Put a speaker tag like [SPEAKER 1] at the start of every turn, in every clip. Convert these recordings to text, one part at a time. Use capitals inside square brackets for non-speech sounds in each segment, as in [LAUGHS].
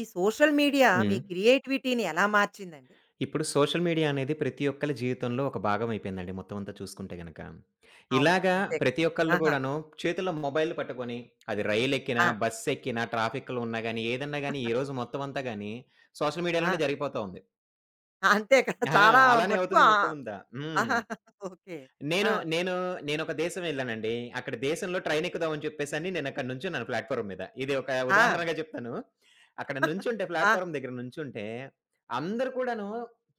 [SPEAKER 1] ఈ social media మీ
[SPEAKER 2] హ్మ్.
[SPEAKER 1] క్రియేటివిటీ‌ని ఎలా మార్చిందండి?
[SPEAKER 2] ఇప్పుడు సోషల్ మీడియా అనేది ప్రతి ఒక్కలి జీవితంలో ఒక భాగం అయిపోయిందండి మొత్తం అంతా చూసుకుంటే గనక.
[SPEAKER 1] అవును.
[SPEAKER 2] ఇలాగ
[SPEAKER 1] అంతే.
[SPEAKER 2] ప్రతి ఒక్కళ్ళు
[SPEAKER 1] ఆహా!
[SPEAKER 2] కూడాను చేతిలో మొబైల్ పట్టుకొని అది రైలెక్కిన,
[SPEAKER 1] ఆ!
[SPEAKER 2] బస్సెక్కిన ట్రాఫిక్‌లో ఉన్నా గాని ఏదన్నా గాని ఈ రోజు
[SPEAKER 1] [CHUCKLES]
[SPEAKER 2] మొత్తం అంతా గాని సోషల్
[SPEAKER 1] ఆ!
[SPEAKER 2] మీడియా‌లోనే జరిగిపోతావుంది.
[SPEAKER 1] అంతే కదా! [CHUCKLES]
[SPEAKER 2] ఆ!
[SPEAKER 1] చాలా
[SPEAKER 2] అలానే
[SPEAKER 1] మట్టుకు
[SPEAKER 2] అవుతుంది
[SPEAKER 1] ఆ
[SPEAKER 2] మొత్తం అంతా. హ్మ్.
[SPEAKER 1] ఆహా! [CHUCKLES] ఓకే. ఆ!
[SPEAKER 2] నేను, నేను నేనొక దేశం ఎళ్ళానండి. అక్కడ దేశం‌లో ట్రైన్ ఎక్కుదాం అని చెప్పేసని నేను అక్కడ నుంచున్నాను ప్లాట్‌ఫా‌ర్మ్ మీద. ఇది ఒక
[SPEAKER 1] ఆ!
[SPEAKER 2] ఉదాహరణగా జెప్తాను. అక్కడ
[SPEAKER 1] [CHUCKLES]
[SPEAKER 2] నుంచుంటే
[SPEAKER 1] ఆ!
[SPEAKER 2] ప్లాట్‌ఫా‌ర్మ్ దెగ్గర నుంచుంటే, అందరు కూడాను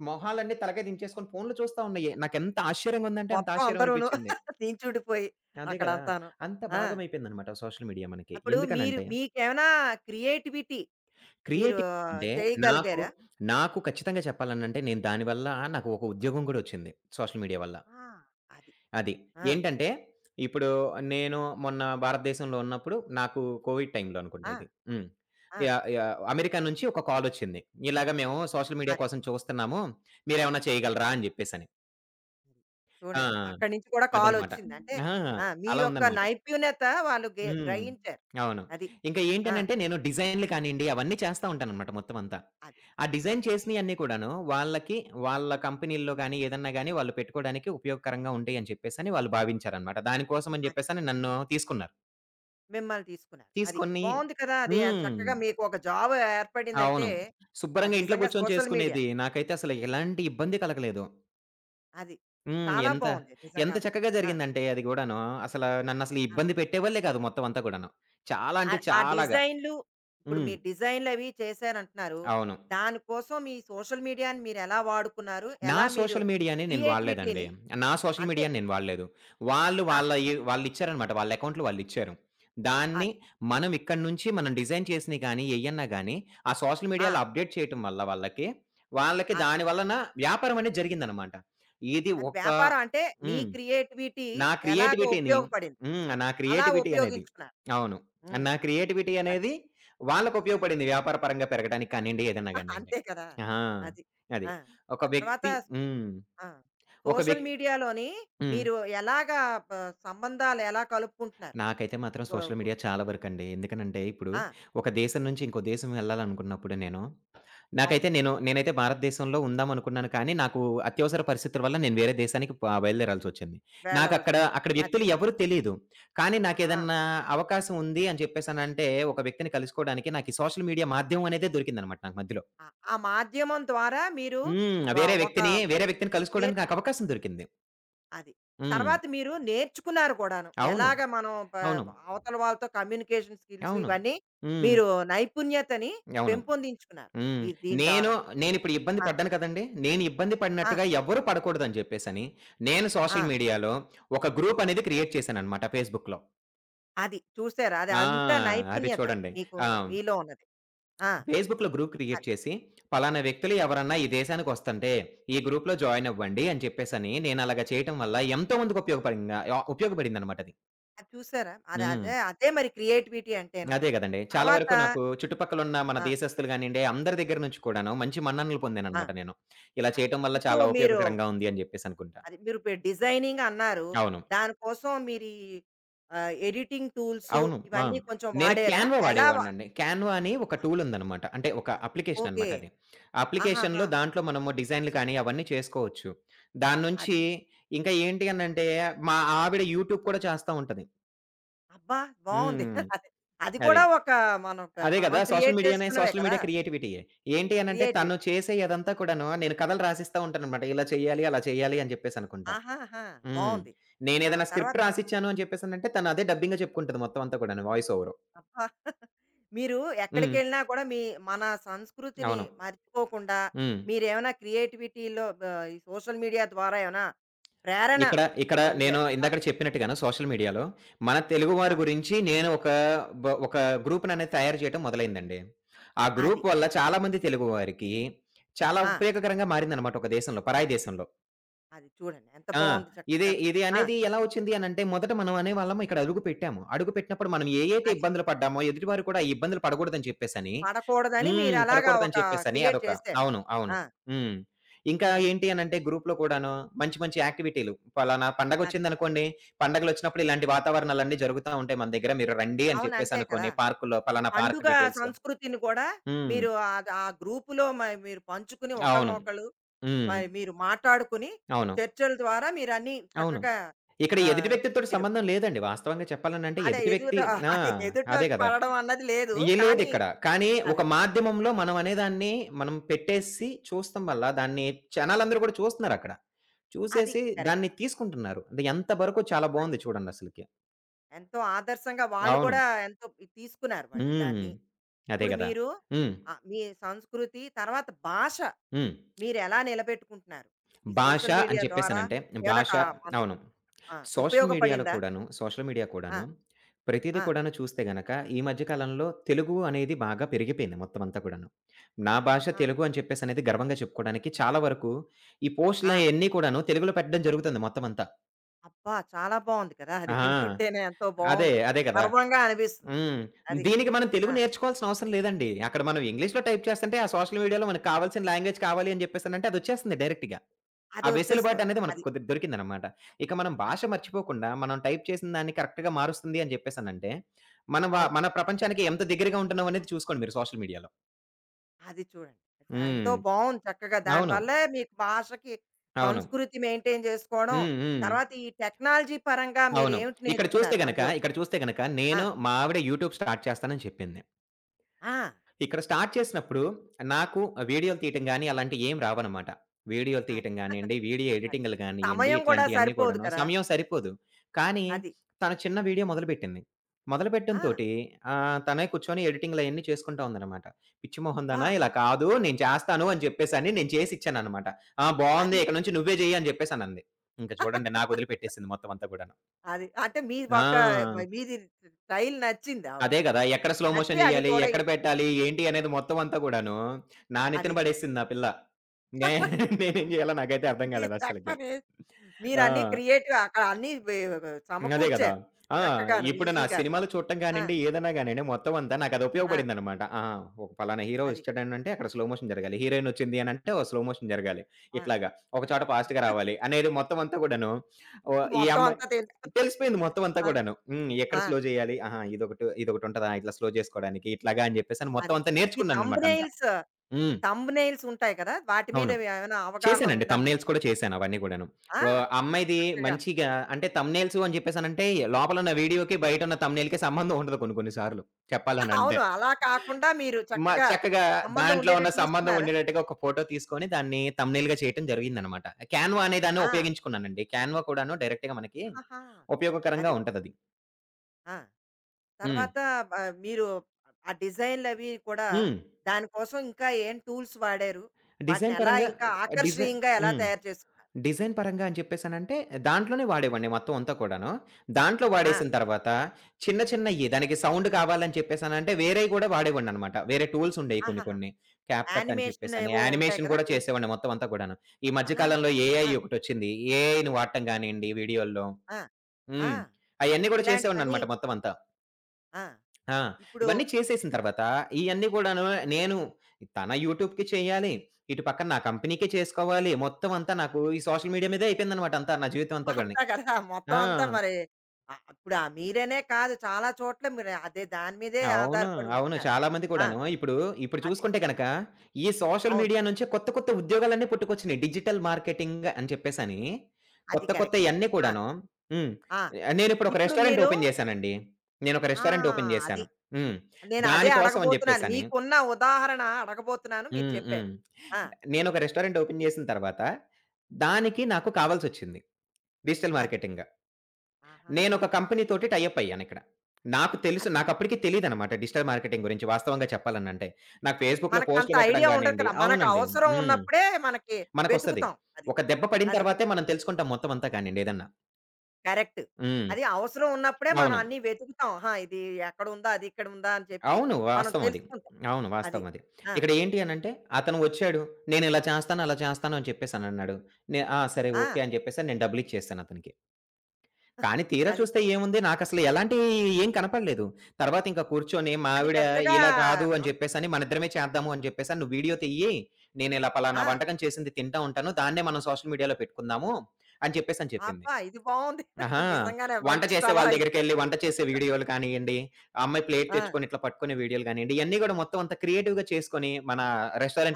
[SPEAKER 2] మొహాలన్నీ తలకాయ దించేసుకొని ఫోనులు చూస్తా ఉన్నాయి. నాకెంత ఆశ్చర్యంగా ఉందంటే అంత
[SPEAKER 1] మొత్తం అందరూను.
[SPEAKER 2] ఆశ్చర్యమనిపిచ్చింది.
[SPEAKER 1] [CHUCKLES] నించుండిపోయి.
[SPEAKER 2] అదే కదా!
[SPEAKER 1] అక్కడంతాను.
[SPEAKER 2] అంత
[SPEAKER 1] ఆ!
[SPEAKER 2] భాగం అయిపోయిందన్నమాట సోషల్ మీడియా మనకి.
[SPEAKER 1] అప్పుడు మీరు
[SPEAKER 2] ఎందుకనంటే
[SPEAKER 1] మీకేమైనా క్రియేటివిటీ మీరు
[SPEAKER 2] క్రియేటివిటీ అంటే నాకు
[SPEAKER 1] చేయగలిగారా?
[SPEAKER 2] నాకు ఖచ్చితంగా చెప్పాలనంటే నేను దాని వల్ల నాకు ఒక ఉద్యోగం కూడా ఒచ్చింది. సోషల్ మీడియా వల్ల.
[SPEAKER 1] ఆ! అది.
[SPEAKER 2] అది.
[SPEAKER 1] ఆ!
[SPEAKER 2] ఏంటంటే [SMACKS LIPS] ఇప్పుడు నేను మొన్న భారత దేశంలో ఉన్నప్పుడు నాకు కోవిడ్ టైంలో అనుకుంట!
[SPEAKER 1] ఆ!
[SPEAKER 2] ఇది. హ్మ్.
[SPEAKER 1] ఆ!
[SPEAKER 2] యాహ్! యాహ్! అమెరికా నుంచి ఒక కాలొచ్చింది. "ఇలాగ మేము సోషల్ మీడియా
[SPEAKER 1] అది.
[SPEAKER 2] కోసం చూస్తున్నాము. మీరు ఏమన్నా చేయగలరా?" అని జెప్పేసని. ఆ!
[SPEAKER 1] చూడండి అక్కడి నుంచి కూడా
[SPEAKER 2] అదన్నమాట.
[SPEAKER 1] కాలొచ్చింది. అంటే
[SPEAKER 2] ఆ!
[SPEAKER 1] ఆహ్, మీ
[SPEAKER 2] అలా
[SPEAKER 1] యొక్క
[SPEAKER 2] ఉందన్నమాట.
[SPEAKER 1] నైపుణ్యత వాళ్ళు గె
[SPEAKER 2] హ్మ్.
[SPEAKER 1] గ్రహించారు.
[SPEAKER 2] అవును.
[SPEAKER 1] అది.
[SPEAKER 2] ఇంకా ఏంటి
[SPEAKER 1] ఆ!
[SPEAKER 2] అనంటే నేను డిజైనులు కానియండి అవన్నీ చేస్తా ఉంటానన్నమాట మొత్తమంతా.
[SPEAKER 1] అది.
[SPEAKER 2] ఆ డిజైన్
[SPEAKER 1] ఆహా!
[SPEAKER 2] చేసినయన్ని కూడాను వాళ్ళకి వాళ్ళ కంపెనీల్లో గాని, ఏదన్నా గాని వాళ్ళు పెట్టుకోడానికి ఉపయోగకరంగా ఉంటాయని చెప్పేసని వాళ్ళు భావించారన్నమాట. దానికోసమని
[SPEAKER 1] అది.
[SPEAKER 2] చెప్పేసని నన్ను తీసుకున్నారు.
[SPEAKER 1] మిమ్మల్ని తీసుకున్నారు. అది.
[SPEAKER 2] తీసుకొని
[SPEAKER 1] బావుంది కదా! అది
[SPEAKER 2] హ్మ్.
[SPEAKER 1] చక్కగా మీకు ఒక జాబు ఏర్పడిందంటే
[SPEAKER 2] అవును.
[SPEAKER 1] అది
[SPEAKER 2] శుభ్రంగా ఇంట్లో
[SPEAKER 1] నిజంగా
[SPEAKER 2] కూర్చొని
[SPEAKER 1] సోషల్ మీడియా.
[SPEAKER 2] చేసుకునేది, నాకైతే అసలు ఎలాంటి ఇబ్బంది కలగలేదు.
[SPEAKER 1] అది.
[SPEAKER 2] హ్మ్.
[SPEAKER 1] చాలా
[SPEAKER 2] ఎంత,
[SPEAKER 1] బావుంది
[SPEAKER 2] ఎంత
[SPEAKER 1] నిజంగాను.
[SPEAKER 2] చక్కగా
[SPEAKER 1] ఆ!
[SPEAKER 2] జరిగిందంటే అది గూడాను అసల నన్నసల
[SPEAKER 1] ఆ!
[SPEAKER 2] ఇబ్బంది పెట్టేవాళ్ళే కాదు మొత్తం అంతా గూడాను చాలా అంటే
[SPEAKER 1] ఆర్, ఆ
[SPEAKER 2] చాలాగా.
[SPEAKER 1] డిజైనులు ఇప్పుడు
[SPEAKER 2] హ్మ్.
[SPEAKER 1] మీరు డిజైనులవి చేశారంటున్నారు.
[SPEAKER 2] అవును.
[SPEAKER 1] దానికోసం మీ సోషల్ మీడియాని మీరెలా వాడుకున్నారు?
[SPEAKER 2] నా
[SPEAKER 1] ఎలా మీరు
[SPEAKER 2] సోషల్ మీడియాని నేను వాడలేదండి.
[SPEAKER 1] క్రియేటివిటీని
[SPEAKER 2] నా సోషల్
[SPEAKER 1] అంటే
[SPEAKER 2] మీడియాని నేను వాడలేదు. వాళ్ళు
[SPEAKER 1] ఆ
[SPEAKER 2] వాళ్ళయి వాళ్ళిచ్చారన్నమాట వాళ్ళ ఎకౌంట్‌లు వాళ్ళిచ్చారు. దాన్ని
[SPEAKER 1] అదే.
[SPEAKER 2] మనమిక్కడి నుంచి మనం డిజైన్ చేసినయి గాని, ఏయన్నా గాని ఆ సోషల్ మీడియాలో
[SPEAKER 1] ఆ!
[SPEAKER 2] అప్‌డేట్ చేయటం వల్ల వాళ్ళకి, వాళ్ళకి
[SPEAKER 1] అది.
[SPEAKER 2] దాని వలన వ్యాపారం అనేది జరిగిందన్నమాట. ఇది
[SPEAKER 1] అది
[SPEAKER 2] ఒక
[SPEAKER 1] వ్యాపారం అంటే మీ
[SPEAKER 2] హ్మ్.
[SPEAKER 1] క్రియేటివిటీ
[SPEAKER 2] నా
[SPEAKER 1] ఎలాగా
[SPEAKER 2] క్రియేటివిటీని
[SPEAKER 1] ఉపయోగపడింది?
[SPEAKER 2] హ్మ్.
[SPEAKER 1] అది
[SPEAKER 2] నా
[SPEAKER 1] అలా
[SPEAKER 2] క్రియేటివిటీ అనేది
[SPEAKER 1] ఉపయోగించుకున్నారు.
[SPEAKER 2] అవును.
[SPEAKER 1] హ్మ్.
[SPEAKER 2] నా క్రియేటివిటీ
[SPEAKER 1] అది.
[SPEAKER 2] అనేది వాళ్ళకి ఉపయోగపడింది వ్యాపార పరంగా పెరగడానికి కానియండి, ఏదైనా
[SPEAKER 1] [CHUCKLES]
[SPEAKER 2] గానియండి.
[SPEAKER 1] అంతే కదా!
[SPEAKER 2] ఆ!
[SPEAKER 1] అది.
[SPEAKER 2] అది
[SPEAKER 1] ఆ!
[SPEAKER 2] ఒక
[SPEAKER 1] తర్వాత
[SPEAKER 2] వ్యక్తి
[SPEAKER 1] స్
[SPEAKER 2] హ్మ్.
[SPEAKER 1] ఆ!
[SPEAKER 2] ఒక
[SPEAKER 1] సోషల్
[SPEAKER 2] వ్యక్తి
[SPEAKER 1] మీడియాలోని
[SPEAKER 2] హ్మ్.
[SPEAKER 1] మీరు ఎలాగా ప సంబంధాలెలా కలుపుకుంటున్నారు?
[SPEAKER 2] నాకైతే మాత్రం సోషల్
[SPEAKER 1] గోకు
[SPEAKER 2] మీడియా చాలా వరకండి. ఎందుకనంటే ఇప్పుడు
[SPEAKER 1] ఆ!
[SPEAKER 2] ఒక దేశం నుంచి ఇంకో దేశం ఎళ్ళాలనుకున్నప్పుడు నేను,
[SPEAKER 1] అవును.
[SPEAKER 2] నాకైతే నేను నేనైతే భారత దేశంలో ఉందామనుకున్నాను కానీ నాకు అత్యవసర పరిస్థితుల వల్ల నేను వేరే దేశానికి ప బయలుదేరాల్సి ఒచ్చింది. నాకక్కడ
[SPEAKER 1] వేళ్ళవలసొచ్చింది.
[SPEAKER 2] అక్కడ
[SPEAKER 1] అది.
[SPEAKER 2] వ్యక్తులు ఎవరు తెలీదు. కానీ
[SPEAKER 1] ఆ!
[SPEAKER 2] నాకేదన్నా అవకాశం ఉంది అని చెప్పేసనంటే ఒక వ్యక్తిని కలుసుకోవడానికి నాకు ఈ సోషల్ మీడియా మాధ్యమం అనేదే దొరికిందన్నమాట నాకు మధ్యలో.
[SPEAKER 1] ఆ! ఆ మాధ్యమం ద్వారా మీరు
[SPEAKER 2] హ్మ్.
[SPEAKER 1] వ
[SPEAKER 2] వేరే
[SPEAKER 1] ఒక
[SPEAKER 2] వ్యక్తిని, వేరే వ్యక్తిని
[SPEAKER 1] నే
[SPEAKER 2] కలుసుకోడానికి నాకవకాశం దొరికింది.
[SPEAKER 1] అది.
[SPEAKER 2] హ్మ్.
[SPEAKER 1] తర్వాత మీరు నేర్చుకున్నారు కూడాను.
[SPEAKER 2] అవును.
[SPEAKER 1] ఎలాగ మనం పా
[SPEAKER 2] అవును.
[SPEAKER 1] అవతల వాళ్ళతో కమ్యూనికేషన్ స్కిల్సు
[SPEAKER 2] అవును.
[SPEAKER 1] ఇవన్నీ
[SPEAKER 2] హ్మ్.
[SPEAKER 1] మీరు నైపుణ్యతని
[SPEAKER 2] అవును.
[SPEAKER 1] పెంపొందించుకున్నారు.
[SPEAKER 2] హ్మ్.
[SPEAKER 1] ఈ
[SPEAKER 2] [SMACKS LIPS]
[SPEAKER 1] దీని
[SPEAKER 2] నేను
[SPEAKER 1] ద్వారాను.
[SPEAKER 2] నేనిప్పుడు ఇబ్బంది
[SPEAKER 1] ఆ!
[SPEAKER 2] పడ్డాను కదండీ. నేను ఇబ్బంది
[SPEAKER 1] ఆ!
[SPEAKER 2] పడినట్టుగా ఎవ్వరు పడకూడదని జెప్పేసని నేను సోషల్
[SPEAKER 1] ఆ!
[SPEAKER 2] మీడియా‌లో ఒక గ్రూప్ అనేది క్రియేట్ చేశాననమాట ఫేస్‌బుక్‌లో.
[SPEAKER 1] అది చూసారా. అది
[SPEAKER 2] ఆ!
[SPEAKER 1] అంతా
[SPEAKER 2] అది
[SPEAKER 1] నైపుణ్యత.
[SPEAKER 2] చూడండి. ఆ!
[SPEAKER 1] మీకులో మీలో ఉన్నది. ఆ!
[SPEAKER 2] ఫేస్‌బుక్‌లో గ్రూప్ క్రియేట్
[SPEAKER 1] అది.
[SPEAKER 2] చేసి పలానా వ్యక్తులు ఎవరన్నా ఈ దేశానికొస్తంటే ఈ గ్రూప్‌లో జాయిన్ అవ్వండి అని చెప్పేసని నేను అలాగా చేయటం వల్ల ఎంతో ముందుకు ఉపయోగపడింగ ఆహ్, ఉపయోగపడిందనమాట అది.
[SPEAKER 1] అది చూసారా. అది అదే,
[SPEAKER 2] హ్మ్.
[SPEAKER 1] అదే మరి క్రియేటివిటీ అంటేను.
[SPEAKER 2] అదే కదండి. చాలా
[SPEAKER 1] తర్వాత
[SPEAKER 2] వరకు నాకు చుట్టుపక్కలున్న మన
[SPEAKER 1] ఆ!
[SPEAKER 2] దేశస్తులు కానియండి అందరి దగ్గర నుంచి కూడాను మంచి మన్ననలు
[SPEAKER 1] ఆ!
[SPEAKER 2] పొందాననమాట నేను. ఇలా
[SPEAKER 1] అది.
[SPEAKER 2] చేయటం వల్ల
[SPEAKER 1] ఇప్పుడు
[SPEAKER 2] చాలా
[SPEAKER 1] మీరు
[SPEAKER 2] ఉపయోగకరంగా ఉంది అని చెప్పేసనుకుంటా.
[SPEAKER 1] అది. మీరు బె డిజైనింగ్ అన్నారు.
[SPEAKER 2] అవును.
[SPEAKER 1] దాని కోసం మీరీ ఆహ్, ఎడిటింగ్ టూల్సు
[SPEAKER 2] అవును. ఆ!
[SPEAKER 1] ఇవన్నీ కొంచెం
[SPEAKER 2] నేను
[SPEAKER 1] వాడారా?
[SPEAKER 2] 'క్యాన్వా'
[SPEAKER 1] ఎలా వా
[SPEAKER 2] వాడేవాడినండి. 'క్యాన్వా' అని ఒక
[SPEAKER 1] ఆ!
[SPEAKER 2] టూల్ ఉందనమాట. అంటే ఒక
[SPEAKER 1] బావుంది.
[SPEAKER 2] Application
[SPEAKER 1] okay.
[SPEAKER 2] అనమాట అది. ఆ అప్లికేషన్‌లో
[SPEAKER 1] ఆహాహా!
[SPEAKER 2] దాంట్లో మనము డిజైన్లు గాని అవన్నీ చేసుకోవచ్చు. దాని నుంచి
[SPEAKER 1] అది.
[SPEAKER 2] ఇంకా ఏంటి అనంటే మా ఆవిడ యూట్యూబ్ కూడా చేస్తా ఉంటది.
[SPEAKER 1] అబ్బా! బావుంది.
[SPEAKER 2] హ్మ్.
[SPEAKER 1] [CHUCKLES] అది. అది
[SPEAKER 2] అది.
[SPEAKER 1] కూడా ఒక మనొక
[SPEAKER 2] అదే కదా!
[SPEAKER 1] మనం
[SPEAKER 2] సోషల్
[SPEAKER 1] క్రియేట్
[SPEAKER 2] మీడియా‌నే
[SPEAKER 1] చేసుకున్నవే
[SPEAKER 2] సోషల్
[SPEAKER 1] కదా!
[SPEAKER 2] మీడియా క్రియేటివిటీ‌యే. ఏంటి అనంటే
[SPEAKER 1] క్రియేటివిటి
[SPEAKER 2] తను చేసేయి అదంతా కూడాను నేను కథలు రాసిస్తా ఉంటాననమాట. ఇలా చేయ్యాలి, అలా చేయ్యాలి అని జెప్పేసనుకుంటా.
[SPEAKER 1] ఆహాహా!
[SPEAKER 2] హ్మ్.
[SPEAKER 1] బావుంది. ఆ!
[SPEAKER 2] నేనేదన్నా స్క్రిప్ట్
[SPEAKER 1] తర్వాత?
[SPEAKER 2] రాసిచ్చాను అని జెప్పేసనంటే తనదే డబ్బింగ్‌గా చెప్పుకుంటది మొత్తం అంతా కూడాను. Voice over.
[SPEAKER 1] అబ్బా! [CHUCKLES] మీరు
[SPEAKER 2] హ్మ్.
[SPEAKER 1] ఎక్కడికెళ్ళినా కూడా మీ మన సంస్కృతిని
[SPEAKER 2] అవును.
[SPEAKER 1] మర్చిపోకుండా
[SPEAKER 2] హ్మ్.
[SPEAKER 1] మీరేమైనా క్రియేటివిటీలో బ ఆహ్, ఈ సోషల్ మీడియా ద్వారా ఏవన్నా ప్రేరణ
[SPEAKER 2] ఇక్కడ ఇక్కడ నేను
[SPEAKER 1] పొందారు. ఆ!
[SPEAKER 2] ఇందాకడ చెప్పినట్టుగాను సోషల్ మీడియా‌లో మన తెలుగు వారి
[SPEAKER 1] ఆ!
[SPEAKER 2] గురించి నేను ఒక బ ఒక గ్రూప్‌‌ని అనేది తయారు చేయటం మొదలైందండి. ఆ
[SPEAKER 1] అది.
[SPEAKER 2] గ్రూప్ వల్ల చాలా మంది తెలుగు వారికి చాలా
[SPEAKER 1] ఆ!
[SPEAKER 2] ఉపయోగకరంగా మారిందనమాట ఒక దేశంలో పరాయి దేశంలో.
[SPEAKER 1] అది చూడండి. ఎంత
[SPEAKER 2] ఆ!
[SPEAKER 1] బాగుంది
[SPEAKER 2] ఇది
[SPEAKER 1] చక్కగాను.
[SPEAKER 2] ఇది
[SPEAKER 1] ఆ!
[SPEAKER 2] అనేది ఎలా ఒచ్చింది అనంటే, మొదట మనం అనే వాళ్ళం ఇక్కడడుగు పెట్టాము. అడుగు పెట్టినపుడు మనం ఏయైతే
[SPEAKER 1] అది.
[SPEAKER 2] ఇబ్బందులు పడ్డామో, ఎదుటివారు కూడా ఆ ఇబ్బందులు పడకూడదని చెప్పేసని
[SPEAKER 1] పడకూడదని
[SPEAKER 2] హ్మ్.
[SPEAKER 1] మీరలాగా
[SPEAKER 2] పడకూడదని
[SPEAKER 1] ఒకా
[SPEAKER 2] చెప్పేసని
[SPEAKER 1] క్రియేట్
[SPEAKER 2] అదొక
[SPEAKER 1] చేసారు.
[SPEAKER 2] అవును. అవును.
[SPEAKER 1] ఆ!
[SPEAKER 2] హ్మ్. ఇంకా
[SPEAKER 1] అది.
[SPEAKER 2] ఏంటి అనంటే, గ్రూప్‌లో కూడాను మంచి మంచి యాక్టివిటీలు. పలానా
[SPEAKER 1] అది.
[SPEAKER 2] పండగొచ్చిందనుకోండి, పండగలొచ్చినపుడు ఇలాంటి వాతావరణాలన్ని జరుగుతా ఉంటాయి మన దగ్గర, మీరు రండి అని
[SPEAKER 1] అవును. అంతే కదా!
[SPEAKER 2] చెప్పేసనుకోని, పార్కుల్లో
[SPEAKER 1] ఈ
[SPEAKER 2] పలానా పార్క్
[SPEAKER 1] పండుగ
[SPEAKER 2] డీటెయిల్స్.
[SPEAKER 1] సంస్కృతిని కూడా
[SPEAKER 2] హ్మ్.
[SPEAKER 1] మీరు ఆహ్, గ్ ఆ గ్రూపులో మ మీరు పంచుకుని,
[SPEAKER 2] అవును.
[SPEAKER 1] ఒకళ్ళనొకళ్ళు
[SPEAKER 2] హ్మ్.
[SPEAKER 1] మరి మీరు మాటాడుకుని
[SPEAKER 2] అవును.
[SPEAKER 1] చర్చల ద్వారా మీరన్నీ
[SPEAKER 2] అవును.
[SPEAKER 1] చక్కగా
[SPEAKER 2] ఇక్కడ ఎదుటి
[SPEAKER 1] ఆహ్,
[SPEAKER 2] వ్యక్తి తోటి
[SPEAKER 1] మీరు
[SPEAKER 2] సంబంధం లేదండి. వాస్తవంగా చెప్పాలనంటే,
[SPEAKER 1] అదే.
[SPEAKER 2] ఎదుటి
[SPEAKER 1] ఎదుట
[SPEAKER 2] వ్యక్తి ఆ!
[SPEAKER 1] [LAUGHS] ఎదుట
[SPEAKER 2] అదే గదా!
[SPEAKER 1] పడడం అన్నది లేదు.
[SPEAKER 2] ఏ
[SPEAKER 1] కానీ
[SPEAKER 2] లేదిక్కడ. కానీ ఒక
[SPEAKER 1] అది. ఆ!
[SPEAKER 2] మాధ్యమంలో మనం అనేదాన్ని, మనం పెట్టేసి, చూస్తం వల్ల దాన్ని జనాలందరూ గూడా చూస్తున్నారక్కడ.
[SPEAKER 1] అది.
[SPEAKER 2] చూసేసి
[SPEAKER 1] కరెక్ట్.
[SPEAKER 2] దాన్ని తీసుకుంటున్నారు. అది ఎంత వరకు చాలా
[SPEAKER 1] అది.
[SPEAKER 2] బావుంది చూడండసలికి.
[SPEAKER 1] ఎంతో ఆదర్శంగా వాళ్ళు
[SPEAKER 2] అవును.
[SPEAKER 1] కూడా ఎంతో ఇది తీసుకున్నారు వాళ్ళు
[SPEAKER 2] హ్మ్.
[SPEAKER 1] దాన్ని.
[SPEAKER 2] అదే
[SPEAKER 1] ఇప్పుడు
[SPEAKER 2] గదా!
[SPEAKER 1] మీరు
[SPEAKER 2] హ్మ్.
[SPEAKER 1] ఆహ్ మీ సంస్కృతి తర్వాత భాష,
[SPEAKER 2] హ్మ్.
[SPEAKER 1] మీరెలా నిలబెట్టుకుంటున్నారు? ఈ
[SPEAKER 2] [SMACKS LIPS] భాష
[SPEAKER 1] సోషల్
[SPEAKER 2] అని
[SPEAKER 1] మీడియా ద్వారా
[SPEAKER 2] చెప్పేసనంటే
[SPEAKER 1] ఏమైనా
[SPEAKER 2] భాష
[SPEAKER 1] కా పన్
[SPEAKER 2] అవును.
[SPEAKER 1] ఆ!
[SPEAKER 2] సోషల్ మీడియాలో
[SPEAKER 1] ఉపయోగపడిందా?
[SPEAKER 2] కూడాను సోషల్ మీడియా
[SPEAKER 1] ఆ!
[SPEAKER 2] కూడాను ప్రతిది
[SPEAKER 1] ఆ!
[SPEAKER 2] కూడాను చూస్తే గనక ఈ మధ్య కాలంలో తెలుగు అనేది బాగా పెరిగిపోయింది మొత్తం అంతా కూడాను. నా భాష
[SPEAKER 1] ఆహాహా!
[SPEAKER 2] తెలుగు అని చెప్పేసనేది, గర్వంగా చెప్పుకోవడానికి చాలా వరకు, ఈ పోస్టులు
[SPEAKER 1] ఆ!
[SPEAKER 2] అయన్ని కూడాను తెలుగులో పెట్టడం జరుగుతుంది మొత్తం అంతా.
[SPEAKER 1] అబ్బా! చాలా బావుంది కదా! అది
[SPEAKER 2] ఆహా!
[SPEAKER 1] [CHUCKLES] వింటుంటేనే ఎంతో
[SPEAKER 2] అదే.
[SPEAKER 1] బావుంది.
[SPEAKER 2] అదే కదా!
[SPEAKER 1] పర్వంగా అనిపిస్తుంది.
[SPEAKER 2] హ్మ్.
[SPEAKER 1] అది.
[SPEAKER 2] దీనికి మనం తెలుగు
[SPEAKER 1] ఆ!
[SPEAKER 2] నేర్చుకోవాల్సిన అవసరం లేదండి. అక్కడ మనం ఇంగ్లీష్‌లో టైప్ చేస్తంటే, ఆ సోషల్ మీడియాలో మనకి కావాల్సిన లాంగ్వేజ్ కావాలి అని చెప్పేనంటే, అదొచ్చేస్తుంది డైరెక్ట్‌గా. ఆ
[SPEAKER 1] అదొచ్చేస్తుంది.
[SPEAKER 2] వెసులుబాటనేది మనకు
[SPEAKER 1] అది.
[SPEAKER 2] కొద్దిగా దొరికిందన్నమాట. ఇక మనం భాష
[SPEAKER 1] అది.
[SPEAKER 2] మర్చిపోకుండా మనం టైప్ చేసిన దాన్ని కరెక్ట్‌గా మారుస్తుంది అని చెప్పేసనంటే, మన వ
[SPEAKER 1] అవును.
[SPEAKER 2] మన ప్రపంచానికి ఎంత దగ్గరగా ఉంటున్నాం అనేది చూసుకోండి మీరు సోషల్ మీడియాలో.
[SPEAKER 1] అది చూడండి, ఆ ఎంతో
[SPEAKER 2] హ్మ్.
[SPEAKER 1] బావుంది చక్కగా. దాని
[SPEAKER 2] అవును.
[SPEAKER 1] వల్లే మీకు భాషకి
[SPEAKER 2] అవును.
[SPEAKER 1] సంస్కృతి మెయింటెయిన్ చేసుకోవడం,
[SPEAKER 2] హ్మ్. హ్మ్.
[SPEAKER 1] తరువాత ఈ టెక్నాలజీ పరంగా
[SPEAKER 2] అవును.
[SPEAKER 1] మీరేమిటి
[SPEAKER 2] ఇక్కడ చూస్తే
[SPEAKER 1] నేర్చుకున్నారు
[SPEAKER 2] గనక
[SPEAKER 1] అందులో?
[SPEAKER 2] ఇక్కడ చూస్తే గనక
[SPEAKER 1] ఆ!
[SPEAKER 2] నేను మా ఆవిడ యూట్యూబ్ స్టార్ట్ చేస్తానని చెప్పింది.
[SPEAKER 1] ఆ!
[SPEAKER 2] ఇక్కడ స్టార్ట్ చేసినప్పుడు [SMACKS LIPS] నాకు ఆ వీడియోలు తీయటం గాని, అలాంటియేం రావన్నమాట. వీడియోలు
[SPEAKER 1] అద్
[SPEAKER 2] తీయటం
[SPEAKER 1] [CHUCKLES]
[SPEAKER 2] గానియండి, వీడియో
[SPEAKER 1] అది.
[SPEAKER 2] ఎడిటింగ్‌లు గానియండి,
[SPEAKER 1] సమయం కూడా
[SPEAKER 2] ఇట్లాంటియన్ని
[SPEAKER 1] సరిపోదు
[SPEAKER 2] కూడాను
[SPEAKER 1] కదా!
[SPEAKER 2] సమయం సరిపోదు. కానీ
[SPEAKER 1] అది.
[SPEAKER 2] తను చిన్న వీడియో మొదలు పెట్టింది. మొదలు పెట్టడం
[SPEAKER 1] ఆ!
[SPEAKER 2] తోటి ఆహ్, తనే కూర్చొని ఎడిటింగ్‌లయన్ని చేసుకుంటా ఉందన్నమాట. "పిచ్చి మొహం దాన
[SPEAKER 1] అబ్బా!
[SPEAKER 2] ఇలా కాదు, నేను చేస్తాను" అని చెప్పేసని నేను చేసిచ్చానన్నమాట. "ఆ! బావుంది.
[SPEAKER 1] అది.
[SPEAKER 2] ఇక నుంచి నువ్వే చెయ్యి" అని జెప్పేసనంది. ఇంక చుడండి
[SPEAKER 1] [LAUGHS]
[SPEAKER 2] నాకొదిలి పెట్టేసింది మొత్తం అంతా కూడాను.
[SPEAKER 1] అది. అంటే మీ పక్క మ
[SPEAKER 2] ఆ!
[SPEAKER 1] మీది స్టైల్ నచ్చింది
[SPEAKER 2] అదే
[SPEAKER 1] ఆవిడకి.
[SPEAKER 2] కదా! ఎక్కడ స్లో
[SPEAKER 1] నచ్చి
[SPEAKER 2] మోషన్
[SPEAKER 1] అది
[SPEAKER 2] చేయాలి?
[SPEAKER 1] కూడా ఇ
[SPEAKER 2] ఎక్కడ పెట్టాలి? ఏంటి అనేది మొత్తమంతా గూడాను నా నెత్తిన
[SPEAKER 1] అది.
[SPEAKER 2] పడేసింది నా పిల్ల. నే
[SPEAKER 1] [LAUGHS]
[SPEAKER 2] [LAUGHS] నేనేం చేయాలో నాకైతే
[SPEAKER 1] మీరు
[SPEAKER 2] అర్ధం కాలేదసలకి.
[SPEAKER 1] [UNINTELLIGIBLE]
[SPEAKER 2] ఆ!
[SPEAKER 1] మీరన్ని క్రియేటివ్ అక్కడన్ని వే
[SPEAKER 2] హ్మ్. అదే గదా!
[SPEAKER 1] సమకూర్చారు.
[SPEAKER 2] ఆ!
[SPEAKER 1] చక్కగాను.
[SPEAKER 2] ఇప్పుడు
[SPEAKER 1] ఈసీ
[SPEAKER 2] నా
[SPEAKER 1] గాను.
[SPEAKER 2] సినిమాలు చూడటం
[SPEAKER 1] ఆ!
[SPEAKER 2] గానియండి, ఏదైనా గానియండి మొత్తం అంతా నాకది
[SPEAKER 1] ఆ!
[SPEAKER 2] ఉపయోగపడిందన్నమాట. ఆ! ఒక పలానా హీరో
[SPEAKER 1] అది.
[SPEAKER 2] ఒచ్చాడనంటే, అక్కడ స్లో మోషన్ జరగాలి. హీరోయినొచ్చింది అని అంటే, ఒక స్లో మోషన్ జరగాలి.
[SPEAKER 1] ఆ!
[SPEAKER 2] ఇట్లాగా. ఒక చోట ఫాస్ట్‌గా
[SPEAKER 1] [CHUCKLES]
[SPEAKER 2] రావాలి అనేది మొత్తం అంతా కూడాను ఓ ఈ అమ్మాయి
[SPEAKER 1] మొత్తమంతా తెలుసు.
[SPEAKER 2] తెలిసిపోయింది మొత్తమంతా
[SPEAKER 1] ఆ!
[SPEAKER 2] గూడాను. హ్మ్. ఎక్కడ
[SPEAKER 1] ఆ!
[SPEAKER 2] స్లో జేయాలి? అహా! ఇదొకటు ఇదొకటుంటదా? ఇట్లా స్లో జేసుకోడానికి, ఇట్లాగా అని చెప్పేసని
[SPEAKER 1] అదే.
[SPEAKER 2] మొత్తమంతా
[SPEAKER 1] ఈ
[SPEAKER 2] నేర్చుకున్నానన్నమాట అంతా.
[SPEAKER 1] థంబ్‌నెయిల్సు
[SPEAKER 2] హ్మ్.
[SPEAKER 1] థంబ్నెయిల్సుంటాయి కదా! వాటి మీద
[SPEAKER 2] అవును.
[SPEAKER 1] ఏమైనా
[SPEAKER 2] చేశానండి.
[SPEAKER 1] అవగాహనుందా మీకు?
[SPEAKER 2] థంబ్‌నెయిల్స్ కూడా చేశాను, అవన్నీ కూడాను.
[SPEAKER 1] ఆ!
[SPEAKER 2] ఓ ఆ అమ్మాయిది
[SPEAKER 1] చక్కగా.
[SPEAKER 2] మంచిగా అంటే థంబ్‌నెయిల్సు అని చెప్పేసనంటే, లోపలున్న వీడియోకి, బయటున్న థంబ్‌నెయిల్‌కి సంబంధం [GIGGLES] ఉండదు కొన్ని కొన్ని సార్లు,
[SPEAKER 1] [CHUCKLES]
[SPEAKER 2] చెప్పాలనంటే.
[SPEAKER 1] అవును. అలా కాకుండా మీరు
[SPEAKER 2] మ
[SPEAKER 1] చక్కగా
[SPEAKER 2] చక్కగా
[SPEAKER 1] సంబంధం
[SPEAKER 2] దాంట్లో ఉన్న
[SPEAKER 1] ఉండేటట్టు
[SPEAKER 2] సంబంధం
[SPEAKER 1] చూస్తున్నారా?
[SPEAKER 2] ఉండేటట్టుగా ఒక ఫోటో తీసుకొని, దాన్ని థంబ్‌నెయిల్‌గా చేయటం జరిగిందన్నమాట. క్యాన్వా అనేదాన్ని
[SPEAKER 1] ఆ!
[SPEAKER 2] ఉపయోగించుకున్నానండి. క్యాన్వా కూడాను డైరెక్ట్‌గా మనకి
[SPEAKER 1] ఆహాహా!
[SPEAKER 2] ఉపయోగకరంగా
[SPEAKER 1] అది.
[SPEAKER 2] ఉంటదది.
[SPEAKER 1] ఆ!
[SPEAKER 2] హ్మ్.
[SPEAKER 1] తర్వాత ఆహ్, మీరు ఆ డిజైన్లవి కూడా
[SPEAKER 2] హ్మ్.
[SPEAKER 1] దాని కోసం ఇంకా ఏం టూల్స్ వాడారు?
[SPEAKER 2] డిజైన్
[SPEAKER 1] వాటినేలా
[SPEAKER 2] పరంగా
[SPEAKER 1] ఇంకా
[SPEAKER 2] ఆహ్, డిజైన్
[SPEAKER 1] ఆకర్షణీయంగా ఎలా
[SPEAKER 2] హ్మ్.
[SPEAKER 1] తయారు చేసుకున్నారు?
[SPEAKER 2] డిజైన్ పరంగా అని చెప్పేసనంటే దాంట్లోనే వాడేవాడిని మొత్తం అంతా కూడాను. దాంట్లో
[SPEAKER 1] ఆ!
[SPEAKER 2] వాడేసిన తర్వాత చిన్న చిన్నయి, దానికి సౌండ్ కావాలని చెప్పేసనంటే వేరేయి కూడా వాడేవాడినన్నమాట. వేరే టూల్స్ ఉండేవి. కొన్ని
[SPEAKER 1] ఆహాహా!
[SPEAKER 2] కొన్ని క్యాప్‌కట్ అని
[SPEAKER 1] యానిమేషన్
[SPEAKER 2] చెప్పేసి,
[SPEAKER 1] ఏవో ఉంటాయి
[SPEAKER 2] యానిమేషన్
[SPEAKER 1] కదా
[SPEAKER 2] కూడా
[SPEAKER 1] టూల్స్.
[SPEAKER 2] చేసేవాడిని. మొత్తం అంతా కూడాను ఈ మధ్య
[SPEAKER 1] ఆహా!
[SPEAKER 2] కాలంలో ఏఐ
[SPEAKER 1] ఆ!
[SPEAKER 2] ఒకటొచ్చింది. ఏఐని వాడటం కానియండి వీడియోల్లో.
[SPEAKER 1] ఆ! ఆ!
[SPEAKER 2] హ్మ్. అయన్ని కూడా
[SPEAKER 1] ఇలాంటివన్నీ
[SPEAKER 2] చేసేవాడినన్నమాట మొత్తం అంతా.
[SPEAKER 1] ఆ!
[SPEAKER 2] ఆ!
[SPEAKER 1] ఇప్పుడు
[SPEAKER 2] ఇవన్నీ చేసేసిన తర్వాత ఇయన్నీ కూడాను నేను తన యూట్యూబ్‌కి చేయాలి. ఇటు పక్కన నా కంపెనీకే చేసుకోవాలి. మొత్తం అంతా నాకు ఈ సోషల్ మీడియా మీదే అయిపోయిందన్నమాట అంతా. నా జీవితం అంతా
[SPEAKER 1] [CHUCKLES]
[SPEAKER 2] గాని.
[SPEAKER 1] అంతే కదా! మొత్తం
[SPEAKER 2] ఆ!
[SPEAKER 1] అంతా మరి ఆహ్, ఇప్పుడు మీరనే కాదు. చాలా చోట్ల అదే దాని మీదే
[SPEAKER 2] అవును.
[SPEAKER 1] ఆధారపడి
[SPEAKER 2] అవును.
[SPEAKER 1] ఉంటున్నారు.
[SPEAKER 2] చాలా మంది
[SPEAKER 1] ఆ!
[SPEAKER 2] కూడాను ఇప్పుడు, ఇప్పుడు
[SPEAKER 1] అది.
[SPEAKER 2] చూసుకుంటే గనక ఈ సోషల్
[SPEAKER 1] అవును.
[SPEAKER 2] మీడియా నుంచి కొత్త కొత్త ఉద్యోగాలన్నీ పుట్టుకొచ్చినాయి. డిజిటల్ మార్కెటింగ్ అని చెప్పేసని
[SPEAKER 1] అది
[SPEAKER 2] కొత్త
[SPEAKER 1] కరెక్ట్.
[SPEAKER 2] కొత్తయన్నీ
[SPEAKER 1] ఆ!
[SPEAKER 2] కూడాను హ్మ్.
[SPEAKER 1] ఆ!
[SPEAKER 2] నేనిప్పుడు ఒక
[SPEAKER 1] ఇప్పుడు
[SPEAKER 2] రెస్టారెంట్
[SPEAKER 1] మీరు
[SPEAKER 2] ఓపెన్ జేసానండి. నేనొక
[SPEAKER 1] ఆ!
[SPEAKER 2] రెస్టారెంట్ ఓపెన్
[SPEAKER 1] అది.
[SPEAKER 2] జేశాను. హ్మ్.
[SPEAKER 1] నేనదే
[SPEAKER 2] దానికోసం అని
[SPEAKER 1] అడగబోతున్నాను.
[SPEAKER 2] జెప్పేసని
[SPEAKER 1] మీకున్న ఉదాహరణ అడగబోతున్నాను మీరు
[SPEAKER 2] హ్మ్.
[SPEAKER 1] చెప్పారు.
[SPEAKER 2] హ్మ్.
[SPEAKER 1] ఆ!
[SPEAKER 2] నేనొక రెస్టారెంట్ ఓపెన్ జేసిన తర్వాత దానికి నాకు కావాల్సొచ్చింది. డిజిటల్
[SPEAKER 1] అది.
[SPEAKER 2] మార్కెటింగ్‌.
[SPEAKER 1] ఆహహా!
[SPEAKER 2] నేనొక కంపెనీతోటి టై అప్ అయ్యానిక్కడ. నాకు తెలుసు
[SPEAKER 1] అది.
[SPEAKER 2] నాకప్పటికి తెలీదనమట డిజిటల్ మార్కెటింగ్ గురించి వాస్తవంగా చెప్పాలనంటే. నాకు
[SPEAKER 1] అదే.
[SPEAKER 2] ఫేస్‌బుక్‌లో
[SPEAKER 1] మనకంత
[SPEAKER 2] పోస్టులు పెట్టడం
[SPEAKER 1] ఐడియా ఉండదు
[SPEAKER 2] గానియండి
[SPEAKER 1] కదా! మనకు
[SPEAKER 2] అవునండి.
[SPEAKER 1] అవసరం
[SPEAKER 2] హ్మ్.
[SPEAKER 1] ఉన్నప్పుడే మనకి
[SPEAKER 2] మనకొస్తది.
[SPEAKER 1] వెతుకుతాం. అది.
[SPEAKER 2] ఒక దెబ్బ పడిన
[SPEAKER 1] అది.
[SPEAKER 2] తర్వాతే మనం తెలుసుకుంటాం మొత్తం అంతా కానియండి ఏదన్నా.
[SPEAKER 1] కరెక్ట్.
[SPEAKER 2] హ్మ్.
[SPEAKER 1] అది అవసరం ఉన్నప్పుడే మనం
[SPEAKER 2] అవును.
[SPEAKER 1] అన్ని వెతుకుతాం. ఆహా! ఇది ఎక్కడుందా అదిక్కడుందా అని చెప్పి
[SPEAKER 2] అవును.
[SPEAKER 1] మనం
[SPEAKER 2] వాస్తవం అది.
[SPEAKER 1] తెలుసుకుంటాం.
[SPEAKER 2] అవును.
[SPEAKER 1] అది.
[SPEAKER 2] వాస్తవం అది.
[SPEAKER 1] ఆ!
[SPEAKER 2] ఇక్కడ ఏంటి అనంటే అతను ఒచ్చాడు. "నేనిలా చేస్తాను, అలా చేస్తాను" అని చెప్పేసి అనన్నాడు. "ఆ! సరే, ఓకే"
[SPEAKER 1] ఆ!
[SPEAKER 2] అని చెప్పేసి నేను డబ్బులిచ్చేసానతనికి.
[SPEAKER 1] [CHUCKLES]
[SPEAKER 2] కానీ తీరా
[SPEAKER 1] అది.
[SPEAKER 2] చూస్తే ఏముంది? నాకసలు ఎలాంటివి ఏమి కనపడలేదు. తరువాత ఇంకా కూర్చొని మా
[SPEAKER 1] అది
[SPEAKER 2] ఆవిడ
[SPEAKER 1] పెద్దగా
[SPEAKER 2] ఇలా కాదు అని
[SPEAKER 1] అం
[SPEAKER 2] చెప్పేసని, మన ఇద్దరమే చేద్దాము అని జెప్పేసని, "నువ్వు వీడియో తియ్యి, నేను ఇలా పలానా
[SPEAKER 1] ఆ!
[SPEAKER 2] వంటకం చేసింది తింటా ఉంటాను. దాన్నే మనం సోషల్ మీడియాలో పెట్టుకుందాము" అని చెప్పేసని చెప్పింది.
[SPEAKER 1] అబ్బా! ఇది బావుంది
[SPEAKER 2] ఆహా!
[SPEAKER 1] నిజంగానే
[SPEAKER 2] వంట
[SPEAKER 1] మంచి
[SPEAKER 2] చేసే వాళ్ళ
[SPEAKER 1] సలహా ఇచ్చారు.
[SPEAKER 2] దగ్గరికెళ్లి వంట చేసే వీడియోలు కానియ్యండి, ఆ అమ్మాయి ప్లేట్
[SPEAKER 1] ఆ!
[SPEAKER 2] తెచ్చుకొని ఇట్లా పట్టుకునే వీడియోలు కానియ్యండి, ఇయన్నీ కూడా మొత్తం అంతా క్రియేటివ్‌గా చేసుకొని మన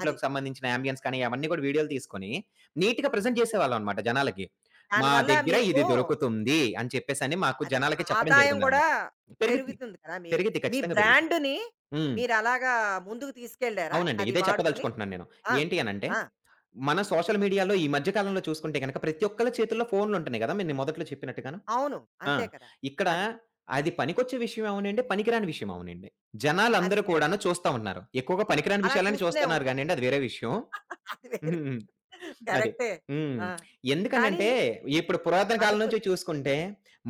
[SPEAKER 1] అది
[SPEAKER 2] సంబంధించిన యాంబియన్స్ కానీ అవన్నీ కూడా వీడియోలు తీసుకొని నీట్‌గా ప్రజెంట్
[SPEAKER 1] అది.
[SPEAKER 2] జేసేవాళ్ళం అన్నమాట జనాలకి.
[SPEAKER 1] దాని
[SPEAKER 2] మా
[SPEAKER 1] వల్ల
[SPEAKER 2] దగ్గర
[SPEAKER 1] మీకు
[SPEAKER 2] ఇది దొరుకుతుంది అని చెప్పేసని మాకు
[SPEAKER 1] అది.
[SPEAKER 2] జనాలకి చెప్పడం
[SPEAKER 1] ఆదాయం గూడా
[SPEAKER 2] జరిగిందన్నమాట. పెరిగిద్ది.
[SPEAKER 1] పెరుగుతుంది కదా! మీ
[SPEAKER 2] పెరిగిద్ది.
[SPEAKER 1] మీ
[SPEAKER 2] ఖచ్చితంగా పెరిగిద్ది.
[SPEAKER 1] బ్రాండ్‌ని
[SPEAKER 2] హ్మ్.
[SPEAKER 1] మీరలాగా ముందుకు తీసుకెళ్లారా
[SPEAKER 2] అవునండి.
[SPEAKER 1] అది
[SPEAKER 2] ఇదే
[SPEAKER 1] వాడుకొని?
[SPEAKER 2] చెప్పదలుచుకుంటున్నాను నేను.
[SPEAKER 1] ఆ!
[SPEAKER 2] ఏంటి అనంటే,
[SPEAKER 1] ఆ!
[SPEAKER 2] మన సోషల్ మీడియాలో ఈ మధ్య కాలంలో చూసుకుంటే గనుక ప్రతి ఒక్కరి చేతుల్లో ఫోనులుంటున్నాయి గదా! మీరు మొదట్లో చెప్పినట్టుగాను.
[SPEAKER 1] అవును.
[SPEAKER 2] ఆ!
[SPEAKER 1] అంతే కదా!
[SPEAKER 2] ఇక్కడ
[SPEAKER 1] అది.
[SPEAKER 2] అది పనికొచ్చే విషయం అవ్వనీయండి, పనికిరాని విషయం అవనీయండి.
[SPEAKER 1] అది
[SPEAKER 2] జనాలందరూ
[SPEAKER 1] కరెక్ట్.
[SPEAKER 2] కూడాను చూస్తా ఉన్నారు. ఎక్కువగా పనికిరాని
[SPEAKER 1] అలా
[SPEAKER 2] విషయాలను
[SPEAKER 1] చూస్తూనే
[SPEAKER 2] చూస్తున్నారు
[SPEAKER 1] ఉంటారు.
[SPEAKER 2] గానియండి. అది వేరే విషయం.
[SPEAKER 1] [LAUGHS] అది వేరే
[SPEAKER 2] హ్మ్. అది
[SPEAKER 1] కరెక్టే
[SPEAKER 2] హ్మ్.
[SPEAKER 1] ఆ!
[SPEAKER 2] [SMACKS LIPS]
[SPEAKER 1] కానీ
[SPEAKER 2] ఎందుకనంటే, ఇప్పుడు పురాతన కాలం
[SPEAKER 1] అనుకు
[SPEAKER 2] నుంచి చూసుకుంటే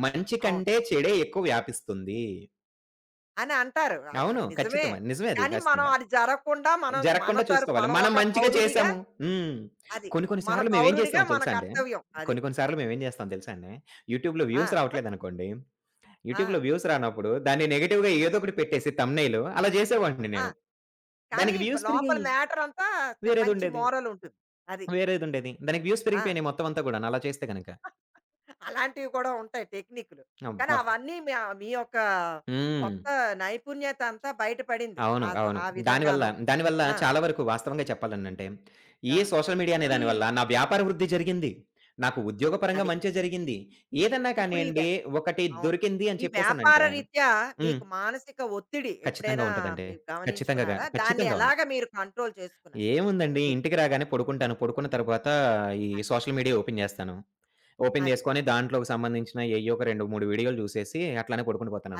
[SPEAKER 2] మంచి
[SPEAKER 1] అవును.
[SPEAKER 2] కంటే చెడే ఎక్కువ వ్యాపిస్తుంది.
[SPEAKER 1] అని అంటారు. అద్
[SPEAKER 2] అవును.
[SPEAKER 1] అది నిజమే.
[SPEAKER 2] ఖచ్చితమది. నిజమే అది
[SPEAKER 1] కానీ, మనం
[SPEAKER 2] [UNINTELLIGIBLE]
[SPEAKER 1] అది జరగకుండా మనం మన
[SPEAKER 2] జరగకుండా
[SPEAKER 1] తరప్
[SPEAKER 2] చూసుకోవాలి.
[SPEAKER 1] మనం
[SPEAKER 2] మనం
[SPEAKER 1] ఒక
[SPEAKER 2] మంచిగా
[SPEAKER 1] పౌరుడిగా
[SPEAKER 2] చేసాము హ్మ్.
[SPEAKER 1] అది.
[SPEAKER 2] కొన్ని కొన్ని
[SPEAKER 1] మన
[SPEAKER 2] సార్లు మేమేం
[SPEAKER 1] పౌరుడిగా
[SPEAKER 2] జేసామో
[SPEAKER 1] మన
[SPEAKER 2] తెలుసా అండి
[SPEAKER 1] కర్తవ్యం అది.
[SPEAKER 2] కొన్ని కొన్ని సార్లు
[SPEAKER 1] అది.
[SPEAKER 2] మేము ఏం జేస్తామో తెలుసా అండి, యూట్యూబ్‌లో వ్యూస్
[SPEAKER 1] ఆ! [GIGGLES]
[SPEAKER 2] రావట్లేదనుకోండి, యూట్యూబ్‌లో
[SPEAKER 1] ఆ!
[SPEAKER 2] వ్యూస్ రానప్పుడు, దాన్ని నెగెటివ్‌గా ఏదో ఒకటి పెట్టేసి థంబ్‌నెయిలు అలా జేసేవాడిని
[SPEAKER 1] ఆ!
[SPEAKER 2] నేను,
[SPEAKER 1] కానీ,
[SPEAKER 2] దానికి
[SPEAKER 1] బ్
[SPEAKER 2] వ్యూస్
[SPEAKER 1] లోపల
[SPEAKER 2] పెరిగాయి.
[SPEAKER 1] మ్యాటరంతా చ మంచి
[SPEAKER 2] వేరేదుండేది.
[SPEAKER 1] మోరలుంటుంది అది.
[SPEAKER 2] వేరేదుండేది. దానికి వ్యూస్
[SPEAKER 1] ఆ!
[SPEAKER 2] పెరిగిపోయినాయి మొత్తం అంతా గూడాను అలా చేస్తే గనక.
[SPEAKER 1] [CHUCKLES] అలాంటివి కూడా ఉంటాయి టెక్నికులు. కానీ,
[SPEAKER 2] అబ్బా!
[SPEAKER 1] అవన్నీ మ మీ యొక్క
[SPEAKER 2] హ్మ్.
[SPEAKER 1] కొత్త నైపుణ్యతంతా బయటపడింది.
[SPEAKER 2] అవును.
[SPEAKER 1] ఆ
[SPEAKER 2] అవును.
[SPEAKER 1] ఆ
[SPEAKER 2] దాని వల్ల
[SPEAKER 1] విధంగాను.
[SPEAKER 2] దాని వల్ల
[SPEAKER 1] ఆ!
[SPEAKER 2] చాలా వరకు వాస్తవంగా చెప్పాలనంటే, ఈ
[SPEAKER 1] గా
[SPEAKER 2] సోషల్ మీడియా అనే
[SPEAKER 1] ఇప్పుడీ
[SPEAKER 2] దానివల్ల నా వ్యాపార వృద్ధి జరిగింది. నాకు ఉద్యోగ పరంగా
[SPEAKER 1] అది.
[SPEAKER 2] మంచే జరిగింది. ఏదన్నా
[SPEAKER 1] ఇప్పుడీ
[SPEAKER 2] కానియండి,
[SPEAKER 1] వ్యా
[SPEAKER 2] ఒకటి
[SPEAKER 1] అవును.
[SPEAKER 2] దొరికింది అని
[SPEAKER 1] ఈ వ్యాపార
[SPEAKER 2] చెప్పేసనంటే
[SPEAKER 1] రీత్యా
[SPEAKER 2] హ్మ్.
[SPEAKER 1] మీకు మానసిక ఒత్తిడి
[SPEAKER 2] ఖచ్చితంగా
[SPEAKER 1] ఎప్పుడైనా
[SPEAKER 2] ఉంటదండి.
[SPEAKER 1] మీరు
[SPEAKER 2] ఖచ్చితంగా గా
[SPEAKER 1] గమనించుకున్నారా? దాన్ని
[SPEAKER 2] ఖచ్చితంగా ఉంది.
[SPEAKER 1] ఎలాగ మీరు కంట్రోల్ చేసుకున్నారు?
[SPEAKER 2] ఏముందండి,
[SPEAKER 1] మీర్
[SPEAKER 2] ఇంటికి రాగానే పడుకొంటాను. పడుకొన్న తరువాత ఈ
[SPEAKER 1] అది.
[SPEAKER 2] సోషల్ మీడియా ఓపెన్ జేస్తాను. ఓపెన్
[SPEAKER 1] అది.
[SPEAKER 2] జేసుకొని, దాంట్లోకి సంబందించిన ఏయ్యోక 2, 3 వీడియో‌లు జూసేసి, అట్లనే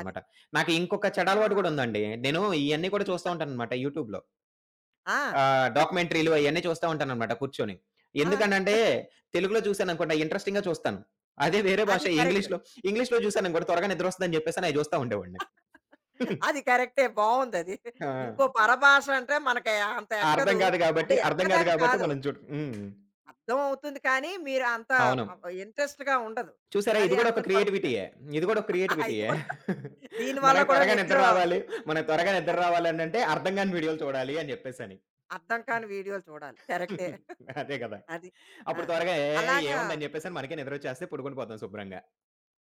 [SPEAKER 1] అది.
[SPEAKER 2] నాకింకొక చెడ
[SPEAKER 1] ఆ!
[SPEAKER 2] అలవాటు
[SPEAKER 1] అది
[SPEAKER 2] గూడుందండి, నేను ఇయన్ని కూడా చూస్తా
[SPEAKER 1] [CHUCKLES]
[SPEAKER 2] ఉంటాననమాట యూట్యూబ్‌లో.
[SPEAKER 1] ఆ!
[SPEAKER 2] ఆహ్,
[SPEAKER 1] [CHUCKLES]
[SPEAKER 2] డాక్యుమెంటరీ‌లు అయన్నీ చూస్తా ఉంటాననమాట కూర్చొని.
[SPEAKER 1] ఆ!
[SPEAKER 2] ఎందుకనంటే,
[SPEAKER 1] [GIGGLES]
[SPEAKER 2] తెలుగులో జూసాననుకోండి, అయి ఇంట్రెస్టింగ్‌గా చూస్తాను. అదే వేరే భాష
[SPEAKER 1] అది కరెక్టు.
[SPEAKER 2] ఎంగిలీష్‌లో ఇంగ్లీష్‌లో ‌జూసాననుకోండి, త్వరగా నిద్రొస్తుందని జెప్పేసని అయి జూస్తా ఉండేవాడిని. [GIGGLES]
[SPEAKER 1] అది కరెక్టే. బావుందది.
[SPEAKER 2] ఆ!
[SPEAKER 1] ఇంకో పరభాష అంటే, మనకు యా అంత
[SPEAKER 2] అర్థం
[SPEAKER 1] ఎక్కదు.
[SPEAKER 2] గాదు గాబట్టి
[SPEAKER 1] అంటే,
[SPEAKER 2] అర్థం గాదు
[SPEAKER 1] ఎక్కదని
[SPEAKER 2] గాబట్టి,
[SPEAKER 1] కాదు.
[SPEAKER 2] మనం చూడు హ్మ్.
[SPEAKER 1] అర్థమవుతుంది. కానీ, మీరు అంత
[SPEAKER 2] అవును.
[SPEAKER 1] ఆహ్, ఇంట్రెస్ట్‌గా ఉండదు.
[SPEAKER 2] చూసారా?
[SPEAKER 1] అదే,
[SPEAKER 2] ఇది గూడా ఒక
[SPEAKER 1] అందుకని పడుకుంటారు.
[SPEAKER 2] క్రియేటివిటీయే. ఇది గూడా ఒక
[SPEAKER 1] ఇది
[SPEAKER 2] క్రియేటివిటీయే.
[SPEAKER 1] గూడా
[SPEAKER 2] [GIGGLES]
[SPEAKER 1] దీని వల్ల
[SPEAKER 2] మనకు
[SPEAKER 1] కూడా
[SPEAKER 2] త్వరగా
[SPEAKER 1] నిద్ర
[SPEAKER 2] నిద్ర రావాలి మనకు త్వరగా నిద్ర
[SPEAKER 1] అది.
[SPEAKER 2] రావాలి అనంటే, అర్థం గాని వీడియోలు చూడాలి అని జెప్పేసని.
[SPEAKER 1] అర్థం కాని వీడియోలు చూడాలి కరెక్టే.
[SPEAKER 2] హ్మ్.
[SPEAKER 1] [GIGGLES]
[SPEAKER 2] అదే గదా!
[SPEAKER 1] అది. ఆ!
[SPEAKER 2] అప్పుడు త్వరగా ఏ
[SPEAKER 1] అలాగా
[SPEAKER 2] ఏముందని జెప్పేసని మనకే నిద్రచ్చేస్తది, పడుకుండిపోతాం శుభ్రంగా.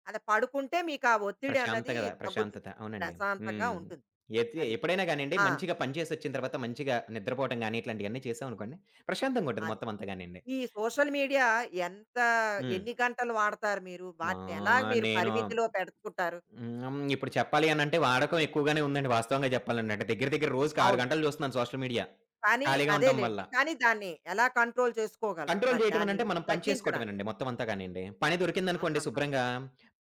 [SPEAKER 1] అలా పడుకుంటే మీకా ఒత్తిడన్నది
[SPEAKER 2] ప్రశాంతగద""
[SPEAKER 1] తగ్గుతుంది.
[SPEAKER 2] ప్రశాంతత అవునండి.
[SPEAKER 1] ప్రశాంతంగా
[SPEAKER 2] హ్మ్.
[SPEAKER 1] ఉంటుంది.
[SPEAKER 2] ఎయితే
[SPEAKER 1] అది.
[SPEAKER 2] ఎప్పుడైనా గానిండి
[SPEAKER 1] ఆ!
[SPEAKER 2] మంచిగా పని చేసి ఒచ్చిన తరువాత మంచిగా నిద్రపోవటం గాని, ఇట్లాంటియన్ని చేశాం అనుకోండి ప్రశాంతంగా ఉంటది.
[SPEAKER 1] అది.
[SPEAKER 2] మొత్తం అంతా గానియండి.
[SPEAKER 1] ఈ సోషల్ మీడియా ఎంత
[SPEAKER 2] హ్మ్.
[SPEAKER 1] ఎన్ని గంటలు వాడతారు మీరు?
[SPEAKER 2] మా!
[SPEAKER 1] వాటిని ఎలాగా మీరు
[SPEAKER 2] నేను,
[SPEAKER 1] పరిమితిలో పెడుకుంటారు.""
[SPEAKER 2] హ్మ్. ఇప్పుడు చెప్పాలనంటే వాడకం ఎక్కువగానే ఉందండి వాస్తవంగా జెప్పాలనంటే. దెగ్గర దెగ్గర రోజుకి 6
[SPEAKER 1] అవును.
[SPEAKER 2] గంటలు జూస్తున్నాను సోషల్ మీడియా
[SPEAKER 1] కానీ
[SPEAKER 2] ఖాళీగా ఉంటం వల్ల.
[SPEAKER 1] అదేలెండి. కానీ, దాన్ని ఎలా కంట్రోల్ చేసుకోగలరు?
[SPEAKER 2] కంట్రోల్
[SPEAKER 1] మరి
[SPEAKER 2] జేయటం
[SPEAKER 1] దాన్ని
[SPEAKER 2] అనంటే మనం పని చేసుకోటమే
[SPEAKER 1] తగ్గించడానికి.
[SPEAKER 2] నండి మొత్తం అంతా గానియండి. పని దొరికిందనుకోండి
[SPEAKER 1] ఆహాహా!
[SPEAKER 2] శుభ్రంగా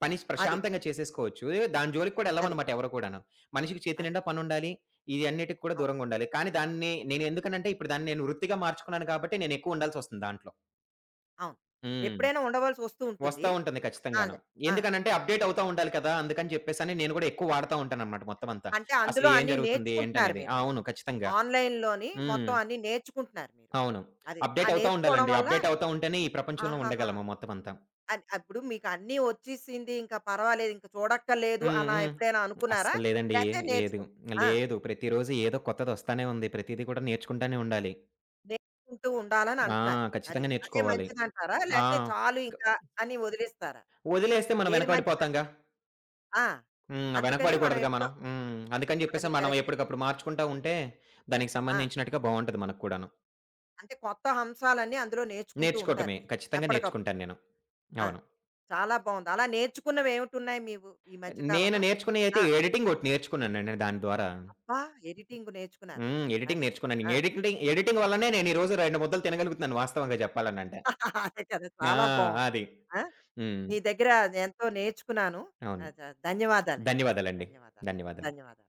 [SPEAKER 2] పని
[SPEAKER 1] అది.
[SPEAKER 2] ప్రశాంతంగా చేసేసుకోవచ్చు ఏయో దాని జోలికి కూడా ఎళ్ళం
[SPEAKER 1] అది.
[SPEAKER 2] అన్నమాట ఎవరు కూడాను. మనిషికి చేతి
[SPEAKER 1] అది.
[SPEAKER 2] నిండా పనుండాలి. ఇయన్నిటికి కూడా
[SPEAKER 1] అవును.
[SPEAKER 2] దూరంగుండాలి. కానీ దాన్ని నేనెందుకనంటే ఇప్పుడు దాన్ని నేను వృత్తిగా మార్చుకున్నాను కాబట్టి నేను ఎక్కువ ఉండాల్సి ఒస్తుంది దాంట్లో.
[SPEAKER 1] అవును.
[SPEAKER 2] హ్మ్.
[SPEAKER 1] ఎప్పుడైనా ఉండవలసి ఒస్తూ ఉంటుంది.
[SPEAKER 2] ఒస్తా ఉంటుంది ఖచ్చితంగాను.
[SPEAKER 1] అది. ఆ!
[SPEAKER 2] ఎందుకనంటే, అప్‌డేట్ అవుతా ఉండాలి కదా! అందుకని జెప్పేసని నేను గూడా ఎక్కువ వాడతా ఉంటానన్నమాట మొత్తమంతా.
[SPEAKER 1] అంటే,
[SPEAKER 2] అసలు
[SPEAKER 1] అందులో
[SPEAKER 2] ఎం
[SPEAKER 1] అన్నీ
[SPEAKER 2] జరుగుతుంది?
[SPEAKER 1] నేర్చుకుంటున్నారు
[SPEAKER 2] ఏంటనేది?
[SPEAKER 1] మీరు.
[SPEAKER 2] అవును. ఖచ్చితంగా!
[SPEAKER 1] ఆన్‌లైన్ లోని
[SPEAKER 2] హ్మ్.
[SPEAKER 1] మొత్తం అన్నీ నేర్చుకుంటున్నారు మీరు.
[SPEAKER 2] అవును.
[SPEAKER 1] అది. ఆ
[SPEAKER 2] అప్‌డేట్ అవుతా
[SPEAKER 1] నేర్చుకోవడం
[SPEAKER 2] ఉండాలండి.
[SPEAKER 1] వల్ల
[SPEAKER 2] అప్‌డేట్ అవుతా ఉంటేనే ఈ ప్రపంచంలో
[SPEAKER 1] ఆహాహా!
[SPEAKER 2] ఉండగలము మొత్తమంతా.
[SPEAKER 1] అది. అప్పుడు మీకన్నీ వచ్చీసింది ఇంక పర్వాలేదు, ఇంక చూడక్కర్లేదు,
[SPEAKER 2] హ్మ్.
[SPEAKER 1] అలా
[SPEAKER 2] హ్మ్.
[SPEAKER 1] ఎప్పుడైనా
[SPEAKER 2] [SMACKS LIPS]
[SPEAKER 1] అనుకున్నారా?
[SPEAKER 2] అస్సలేదండి ఏ
[SPEAKER 1] లేతే
[SPEAKER 2] ఏదు.""
[SPEAKER 1] నేర్చుకుని
[SPEAKER 2] ఆ!
[SPEAKER 1] ఆ!
[SPEAKER 2] లేదు. ప్రతిరోజు ఏదో కొత్తది ఒస్తానే ఉంది. ప్రతిది కూడా నేర్చుకుంటానే ఉండాలి.
[SPEAKER 1] నేర్చుకుంటూ ఉండాలని
[SPEAKER 2] ఆ!
[SPEAKER 1] అంటున్నారు. అది.
[SPEAKER 2] ఖచ్చితంగా
[SPEAKER 1] అదే
[SPEAKER 2] నేర్చుకోవాలి.
[SPEAKER 1] మంచిదంటారా?
[SPEAKER 2] ఆ!
[SPEAKER 1] లేతే చాలు ఇక
[SPEAKER 2] [HICCUPS]
[SPEAKER 1] అని ఒదిలిస్తారా?
[SPEAKER 2] ఒదిలేస్తే మనం
[SPEAKER 1] ఏది
[SPEAKER 2] వెనక పడిపోతాంగా.
[SPEAKER 1] మంచిదంటారు? ఆ!
[SPEAKER 2] హ్మ్. వెనక
[SPEAKER 1] అందుకని మనం
[SPEAKER 2] పడకూడదుగా
[SPEAKER 1] ఎప్పుడో
[SPEAKER 2] మనం. హ్మ్. [SMACKS LIPS] అందుకని
[SPEAKER 1] అది.
[SPEAKER 2] చెప్పేసి మనం
[SPEAKER 1] కరెక్టే.
[SPEAKER 2] ఎప్పుడికప్పుడు మార్చుకుంటా ఉంటే దానికి
[SPEAKER 1] ఆ!
[SPEAKER 2] సంబందించినట్టుగా బావుంటది. మనకు కూడాను.
[SPEAKER 1] అంటే, కొత్త హంశాలన్నీ""అందులో నేర్చుకుంటూ ఉంటారు
[SPEAKER 2] నేర్చుకోటమే.
[SPEAKER 1] మీరు.
[SPEAKER 2] ఖచ్చితంగా
[SPEAKER 1] ఎప్పటికప్పుడు.
[SPEAKER 2] నేర్చుకుంటాను నేను.
[SPEAKER 1] ఆ!
[SPEAKER 2] అవును.
[SPEAKER 1] చాలా బావుంది. అలా నేర్చుకున్నవి ఏమిటి ఉన్నాయి మీవు ఈ మధ్య
[SPEAKER 2] నేను
[SPEAKER 1] కాలంలో?
[SPEAKER 2] నేర్చుకున్నయి అయితే
[SPEAKER 1] ఆ!
[SPEAKER 2] ఎడిటింగ్ ఒకటి నేర్చుకున్నానండి. దాని ద్వారా.
[SPEAKER 1] అబ్బా! ఎడిటింగు నేర్చుకున్నారు
[SPEAKER 2] హ్మ్. ఎడిటింగ్
[SPEAKER 1] అది.
[SPEAKER 2] నేర్చుకున్నాను.
[SPEAKER 1] ఆ!
[SPEAKER 2] ఎడిక్‌టి ఎడిటింగ్ వల్లనే నేను ఈ రోజు రెండు ముద్దలు తినగలుగుతున్నాను వాస్తవంగా జెప్పాలనంటే.
[SPEAKER 1] అదే కదా!
[SPEAKER 2] ఆ!
[SPEAKER 1] చాలా బావుంది.
[SPEAKER 2] అది.
[SPEAKER 1] ఆ!
[SPEAKER 2] హ్మ్.
[SPEAKER 1] నీ దెగ్గర ఎంతో నేర్చుకున్నాను
[SPEAKER 2] అవును.
[SPEAKER 1] అ-ద-ధన్యవాదాలండి.
[SPEAKER 2] ధన్యవాదాలండి.
[SPEAKER 1] ధన్యవాదాలు.
[SPEAKER 2] ధన్యవాదాలు.
[SPEAKER 1] ధన్యవాదాలు.